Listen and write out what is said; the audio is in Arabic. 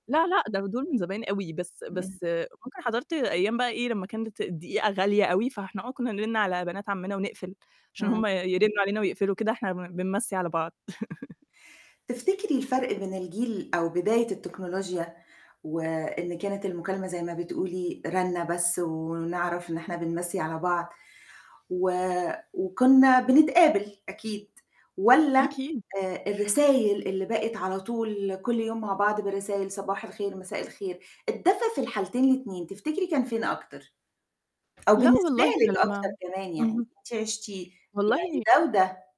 لا، لأ، ده دُول من زمان أوي، بس امم. بس ممكن حَضرت أيام بقى إيه لمّا كانت الدقيقة غالية أوي، فإحنا آه كنّا نرِن على بنات عَمّنا ونقفل، عشان امم. هُم يرّنوا علينا ويقفلوا، كده إحنا ب بنمَّسي على بعض. تفتكري الفَرق بين الجيل أو بداية التكنولوجيا، وإن كانت المكالمة زي ما بتقولي رنة بس ونعرف إن إحنا بنمَّسي على بعض، و وكنّا بنتقابل أكيد والّا أكيد. آآ الرسايل اللي بقت على طول كلّ يوم مع بعض بالرسايل: "صباح الخير، مساء الخير". الدفا في الحالتين الاتنين تفتكري كان فين أكتر؟ أو لا بالنسبة والله إحنا لِك أكتر لمّا كمان يعني اهم. أنتِ عِشتِيه يعني والله ده وده؟